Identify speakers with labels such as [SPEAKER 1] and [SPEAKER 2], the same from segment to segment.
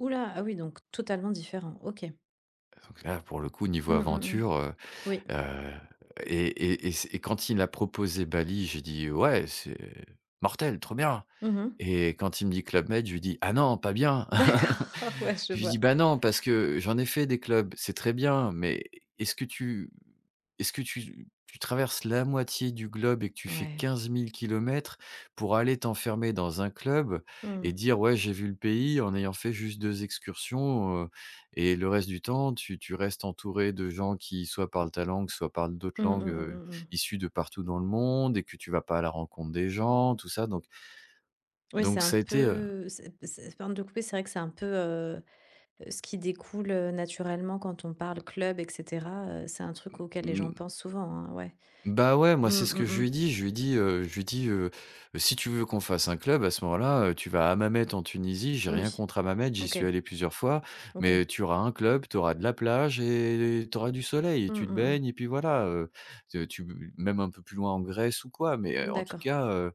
[SPEAKER 1] Hou là! Ah oui, donc totalement différent. OK.
[SPEAKER 2] Donc là, pour le coup, niveau
[SPEAKER 1] Mmh, mmh mh.
[SPEAKER 2] aventure, heu
[SPEAKER 1] Oui.
[SPEAKER 2] heu et et et c'est et quand il a proposé Bali, j'ai dit: «Heu ouais, c'est mortel, trop bien!»
[SPEAKER 1] Mmh mh.
[SPEAKER 2] et quand il me dit: «Club Med», je lui dis: «Ah non, pas bien!».
[SPEAKER 1] D'accord, oh, ouais, je
[SPEAKER 2] Je lui dis:
[SPEAKER 1] vois.
[SPEAKER 2] «Bah, non, parce que j'en ai fait, des clubs, c'est très bien. Mais est-ce que tu est-ce que tu tu traverses la moitié du globe et que tu fais
[SPEAKER 1] Ouais.
[SPEAKER 2] 15 000 km pour aller t'enfermer dans un club et
[SPEAKER 1] Mmh.
[SPEAKER 2] dire: "Ouais, j'ai vu le pays" en ayant fait juste 2 excursions, heu et le reste du temps, tu tu restes entouré de gens qui, soit parlent ta langue, soit parlent d'autres
[SPEAKER 1] Mmh mh,
[SPEAKER 2] langues,
[SPEAKER 1] mmh
[SPEAKER 2] heu,
[SPEAKER 1] mh, mmh.
[SPEAKER 2] issues de partout dans le monde et que tu vas pas à la rencontre des gens?», tout ça donc
[SPEAKER 1] Oui, c'est
[SPEAKER 2] donc,
[SPEAKER 1] un
[SPEAKER 2] ça a été, heu
[SPEAKER 1] peu c'est c'est pardon de te couper, c'est vrai que c'est un peu, heu heu, ce qui découle, heu, naturellement quand on parle club et cetera, heu, c'est un truc auquel les
[SPEAKER 2] Mmh
[SPEAKER 1] gens
[SPEAKER 2] mh.
[SPEAKER 1] pensent souvent, hein, ouais.
[SPEAKER 2] Bah, ouais,
[SPEAKER 1] Mmh,
[SPEAKER 2] moi, c'est ce que
[SPEAKER 1] mmh
[SPEAKER 2] je
[SPEAKER 1] mh.
[SPEAKER 2] lui ai dit. Je lui ai dit, heu, je lui ai dit, heu: «Si tu veux qu'on fasse un club, à ce moment-là, heu, tu vas à Hammamet en Tunisie. J'ai rien
[SPEAKER 1] Oui.
[SPEAKER 2] contre Hammamet, j'y
[SPEAKER 1] OK.
[SPEAKER 2] suis allé plusieurs fois,
[SPEAKER 1] OK.
[SPEAKER 2] mais tu auras un club, tu auras de la plage et tu auras du soleil et
[SPEAKER 1] Mmh,
[SPEAKER 2] tu te
[SPEAKER 1] mmh
[SPEAKER 2] baignes
[SPEAKER 1] mh.
[SPEAKER 2] et puis voilà, heu, c'est tu bu même un peu plus loin en Grèce ou quoi, mais heu, en tout
[SPEAKER 1] D'accord.
[SPEAKER 2] cas, heu»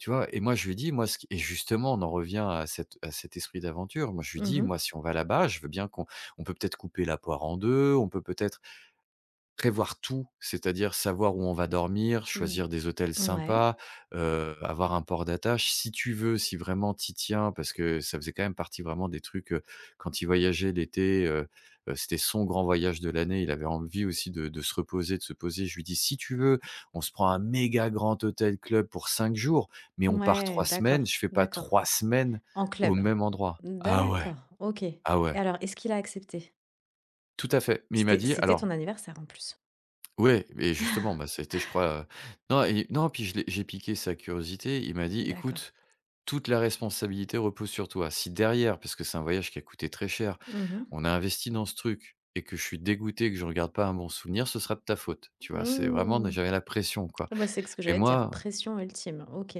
[SPEAKER 2] tu vois? Et moi, je lui ai dit: «Moi, ce qui» et justement, on en revient à cet à cet esprit d'aventure, moi, je lui ai
[SPEAKER 1] Mmh
[SPEAKER 2] dit:
[SPEAKER 1] mh.
[SPEAKER 2] «Moi, si on va là-bas, je veux bien qu'on on peut peut-être couper la poire en deux, on peut peut-être prévoir tout, c'est-à-dire savoir où on va dormir,
[SPEAKER 1] Mmh.
[SPEAKER 2] choisir des hôtels
[SPEAKER 1] Ouais.
[SPEAKER 2] sympas, heu, avoir un port d'attache, si tu veux, si vraiment tu y tiens», parce que ça faisait quand même partie vraiment des trucs, heu, quand il voyageait l'été, heu heu, c'était son grand voyage de l'année. Il avait envie aussi de de se reposer, de se poser. Je lui dis: «Si tu veux, on se prend un méga grand hôtel club pour 5 jours, mais on part
[SPEAKER 1] Ouais!
[SPEAKER 2] 3 semaines,
[SPEAKER 1] D'accord,
[SPEAKER 2] je fais pas
[SPEAKER 1] d'accord.
[SPEAKER 2] 3 semaines
[SPEAKER 1] En
[SPEAKER 2] au
[SPEAKER 1] club?
[SPEAKER 2] même endroit».
[SPEAKER 1] Mmh,
[SPEAKER 2] Ah ouais!
[SPEAKER 1] d'accord! OK. Et
[SPEAKER 2] Ah ouais.
[SPEAKER 1] alors, est-ce qu'il a accepté?
[SPEAKER 2] Tout à fait. Mais il m'a
[SPEAKER 1] C'était
[SPEAKER 2] dit:
[SPEAKER 1] c'était ton
[SPEAKER 2] «Alors»
[SPEAKER 1] anniversaire, en plus.
[SPEAKER 2] Ouais, mais justement, bah, ça a été je crois, heu non et non, puis je l'ai j'ai piqué sa curiosité. Il m'a dit:
[SPEAKER 1] D'accord.
[SPEAKER 2] «Écoute, toute la responsabilité repose sur toi. Si derrière, parce que c'est un voyage qui a coûté très cher,
[SPEAKER 1] Mmh mh.
[SPEAKER 2] on a investi dans ce truc et que je suis dégoûté, que j'en garde pas un bon souvenir, ce sera de ta faute». Tu vois, c'est vraiment mais
[SPEAKER 1] Mmh
[SPEAKER 2] j'avais la pression, quoi
[SPEAKER 1] et bah c'est qu ce que
[SPEAKER 2] et
[SPEAKER 1] j'allais te dire!
[SPEAKER 2] moi
[SPEAKER 1] Pression ultime, OK.